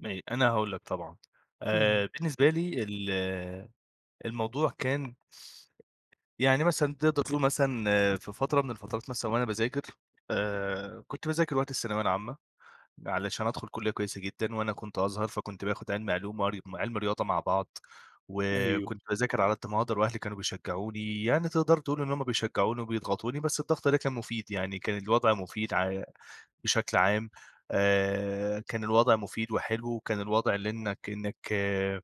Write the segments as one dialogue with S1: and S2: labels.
S1: م أنا هاقول لك طبعًا،
S2: إمم.
S1: آآ، بالنسبة لي ال الموضوع كان يعني مثلًا تقدَر تقول مثلًا في فترة من الفترات مثلًا وأنا باذاكر، آآ، كنت باذاكر وقت الثانوية العامة، علشان أدخل كُلِّية كويسة جدًا، وأنا كنت أزهر فكنت باخد علمي علوم وعر وعلمي رياضة مع بعض،
S2: أيوه.
S1: وكنت باذاكر على قدّ ما أقدَر وأهلي كانوا بيشجعوني، يعني تقدَر تقول إن هُم بيشجعوني وبيضغطوني، بس الضغط ده كان مفيد يعني، كان الوضع مفيد ع بشكل عام، آآ، كان الوضع مفيد وحلو، وكان الوضع لإنك إنك آآ،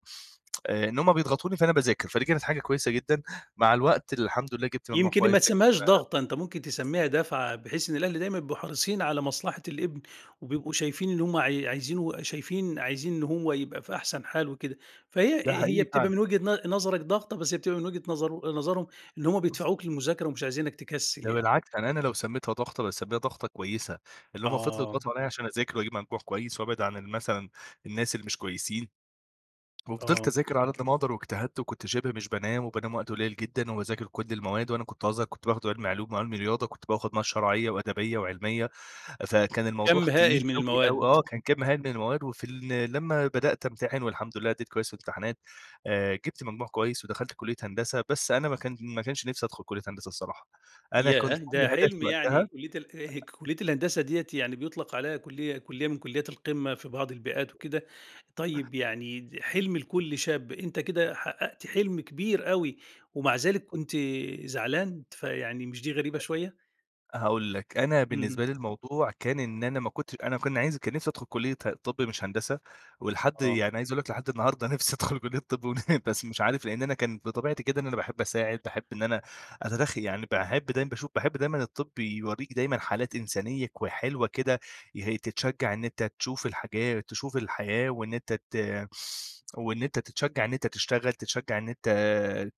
S1: إن هُم بيضغطوني فأنا باذاكر فدي كانت حاجة كويسة جدًا، مع الوقت الحمد لله جِبت مجموع
S2: يمكن
S1: كويس،
S2: ما تسميهاش ضغطة، أنت ممكن
S1: [unintelligible]
S2: تسميها دَفعة، بحيث إن الأهل دايمًا بيبقوا حريصين على مصلحة الابن، وبيبقوا شايفين إن هُم عاي عايزينه وشايفين عايزين إن هو يبقى في أحسن حال وكده، فهي
S1: ده
S2: هي
S1: حقيقي
S2: بتبقى
S1: فعلًا.
S2: من وجهة ن نظرك ضغطة، بس هي بتبقى من وجهة نظر نظرهم إن هُم بيدفعوك للمذاكرة ومش عايزينك تكسل
S1: ده
S2: يعني.
S1: بالعكس يعني أنا هنا لو سميتها ضغطة، باسميها ضغطة كويسة، اللي هُم فِضْلوا
S2: آه.
S1: يضغطوا عليَّ عشان أذاكر واجيب مجموع كويس وابعد عن ال مثلًا الناس اللي مش كويسين. وفضِلت
S2: آه.
S1: أذاكر على قدّ ما أقدر واجتهدت وكنت شِبه مش بانام وبانام وقت قليل جدًا، وباذاكر كُلّ المواد، وأنا كنت أزهر، كنت باخد علمي علوم وعلمي رياضة، كنت باخد مواد شرعية وأدبية وعلمية، فكان الموضوع
S2: كَمّ
S1: تقيل
S2: هائل من
S1: أوي أوي.
S2: المواد.
S1: آه، كان كَمّ هائل من المواد، وفي ال لمّا بدأت امتحن والحمد لله أدِّيت كويس في الامتحانات، آآ، جِبت مجموع كويس ودخَلت كُلِّية هندسة، بس أنا ما كان ما كانش نِفْسي أدخُل كُلِّية هندسة الصراحة، أنا كان
S2: ياه!
S1: كُلّ
S2: ده
S1: هدفي
S2: حِلْم يعني،
S1: وقتها
S2: كُلِّية ال كُلِّية الهندسة ديّة يعني بيُطلق عليها كُلِّية كُلِّية من كُلِّيات القمة في بعض البيئات وكده.
S1: [unintelligible]
S2: طيب يعني حِلْم لكُلّ شاب، أنت كده حققت حِلْم كبير أوي ومع ذلك كنت زعلان، فيعني مش دي غريبة شوية؟!
S1: هاقول لك؛ أنا
S2: اهم.
S1: بالنسبة لي الموضوع كان إن أنا ما كنتش أنا كن عايز كان نِفْسي أدخل كُلِّية ه طِب مش هندسة، ولحد
S2: آه.
S1: يعني عايز أقول لك لحد النهارده نِفْسي أدخل كُلِّية طِب، ون بس مش عارف لأن أنا كان بطبيعتي كده إن أنا باحب أساعد، باحب إن أنا أتدخ يعني باحب دايمًا باشوف باحب دايمًا الطِب يوريك دايمًا حالات إنسانية كو حلوة كده يه تتشجع إن أنت تشوف الحاجات تشوف الحياة وإن أنت ت وإن أنت تتشجع إن أنت تشتغل، تتشجع إن أنت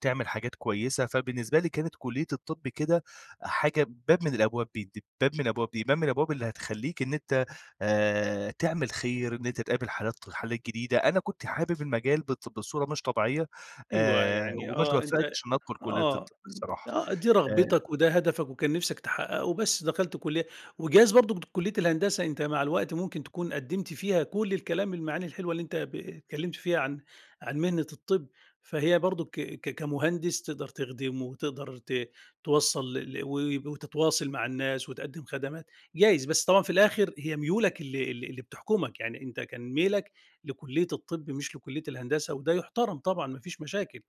S1: تعمل حاجات كويسة، فبالنسبة لي كانت كُلِّية الطِب كده حاجة باب من الأبواب ب د باب من أبواب دي، باب من الأبواب اللي هتخلّيك إن أنت آآ، تعمل خير، إن أنت تقابل حالات ط حالات جديدة. أنا كنت حابب المجال بط بصورة مش طبيعية،
S2: أيوه
S1: آآ،
S2: يعني
S1: وما
S2: آه أنت
S1: اتوفقتش إن أدخل كُلِّية
S2: آه،
S1: الطِب الصراحة،
S2: آه دي
S1: آآ
S2: رغبتك وده هدفك وكان نِفْسك تحققه، بس دخلت كُلِّية وجايز برضو كُلِّية الهندسة أنت مع الوقت ممكن تكون قدِّمت فيها كُلّ الكلام المعاني الحلوة اللي أنت ب اتكلِّمْت فيها عن عن مهنة الطِب، فهي برضو ك ك كمهندس تقدر تخدمه وتقدر ت توصَّل ل ل و وتتواصل مع الناس وتقدِّم خدمات، جايز، بس طبعًا في الآخر هي ميولك اللي اللي اللي بتحكمك، يعني أنت كان ميلك لكُلِّية الطِب مش لكُلِّية الهندسة وده يُحترم طبعًا ما فيش مشاكل.